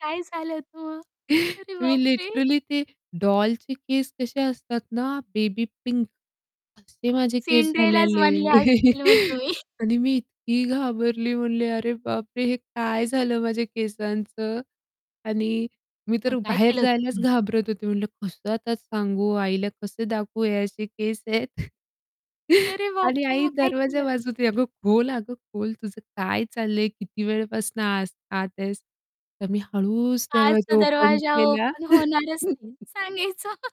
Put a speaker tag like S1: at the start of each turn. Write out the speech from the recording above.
S1: काय झालं मग? अरे
S2: मी
S1: बाप रे!
S2: लिटरली ते डॉलचे केस कसे असतात ना, बेबी पिंक असे माझे केस
S1: सिंड्रेलाच
S2: झालेले
S1: बनल्या असतील मग तुम्ही
S2: आणि मी इतकी घाबरली. म्हणले, "अरे बापरे! हे काय झालं माझ्या केसांचं." आणि मी
S1: मग
S2: तर
S1: काय
S2: बाहेर
S1: केलं
S2: जायलाच
S1: तुम्ही?
S2: घाबरत होते म्हटलं, "कसं आता सांगू आईला कसं दाखवू हे असे केस आहेत."
S1: अरे बाप
S2: आणि
S1: रे!
S2: आई
S1: मग काय
S2: दरवाजा
S1: केलं?
S2: वाजवते, "अगं खोल, अगं खोल तुझं काय चाललंय किती वेळपासून आ आत आहेस." तर मी हळूच
S1: आज
S2: दरवाजा
S1: तर
S2: ओपन
S1: दरवाजा
S2: केला.
S1: ओपन होणारच नाही सांगायच.